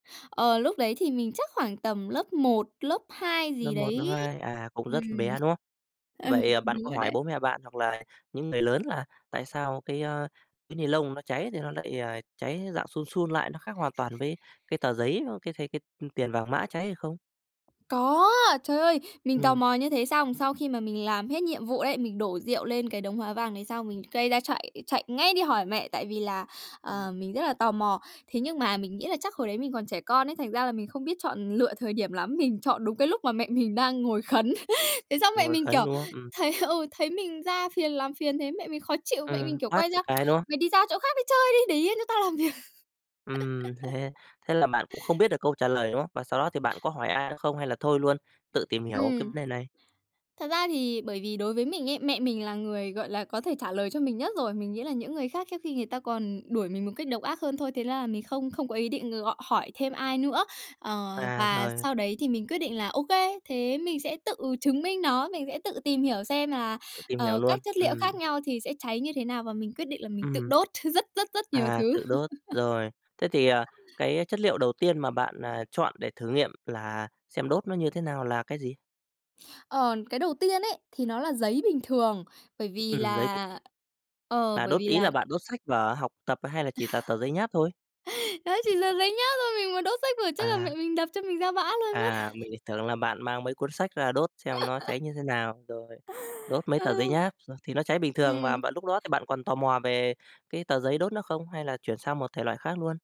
Ờ, lúc đấy thì mình chắc khoảng tầm lớp 1, lớp 2 Lớp gì 1, lớp đấy. 2, à, cũng Ừm. rất bé, đúng không? Ừ, Vậy, à, bạn đúng có rồi hỏi đấy. bố mẹ bạn hoặc là những người lớn là tại sao cái, ờ, cái ni lông nó cháy thì nó lại, ờ, cháy dạng sun sun lại, nó khác hoàn toàn với cái tờ giấy, ờ, cái thấy cái, ư, tiền vàng mã cháy hay không? Có. Trời ơi, mình tò Ừm. mò như thế xong, sau khi mà mình làm hết nhiệm vụ đấy, mình đổ rượu lên cái đống hóa vàng đấy xong mình gây ra, chạy chạy ngay đi hỏi mẹ, tại vì là, à, Ừm. mình rất là tò mò. Thế nhưng mà mình nghĩ là chắc hồi đấy mình còn trẻ con ấy, thành ra là mình không biết chọn lựa thời điểm lắm, mình chọn đúng cái lúc mà mẹ mình đang ngồi khấn. Thế xong mẹ Ngồi mình, khấn, kiểu, đúng không? Ừm. thấy, ừ, thấy mình ra phiền làm phiền thế mẹ mình khó chịu, mẹ Ừm, mình, kiểu, tát quay cho ra cái, đúng không? "Mày đi ra chỗ khác đi chơi đi, để yên cho tao làm việc". Ừm, thế thế là bạn cũng không biết được câu trả lời, đúng không? Và sau đó thì bạn có hỏi ai nữa không hay là thôi luôn, tự tìm hiểu cái Ừm. vấn đề này? Thật ra thì bởi vì đối với mình ấy, mẹ mình là người, gọi là, có thể trả lời cho mình nhất rồi. Mình nghĩ là những người khác trước khi người ta còn đuổi mình một cách độc ác hơn thôi. Thế ra là mình không không có ý định gọi hỏi thêm ai nữa. Ờ, À, và rồi. sau đấy thì mình quyết định là ô kê, thế mình sẽ tự chứng minh nó, mình sẽ tự tìm hiểu xem là, Tự tìm hiểu ờ, luôn. các chất liệu Ừm. khác nhau thì sẽ cháy như thế nào và mình quyết định là mình tự Ừm. đốt rất, rất, rất nhiều À, thứ. tự đốt. Rồi, thế thì, à, cái chất liệu đầu tiên mà bạn, à, chọn để thử nghiệm là xem đốt nó như thế nào là cái gì? Ờ, cái đầu tiên ấy thì nó là giấy bình thường, bởi vì Ừm, giấy bịch. là ờ, Là bởi đốt vì ý là là bạn đốt sách vở học tập hay là chỉ là tờ giấy nháp thôi? Đó chỉ tờ giấy nháp thôi mình mà đốt sách vở chắc là À. mẹ mình đập cho mình ra bã luôn mất. À, mình lại tưởng là bạn mang mấy cuốn sách ra đốt xem nó cháy như thế nào. Rồi, đốt mấy tờ giấy Ừ. nháp, ờ, thì nó cháy bình thường mà, Ừm. bạn lúc đó thì bạn còn tò mò về cái tờ giấy đốt nó không hay là chuyển sang một thể loại khác luôn?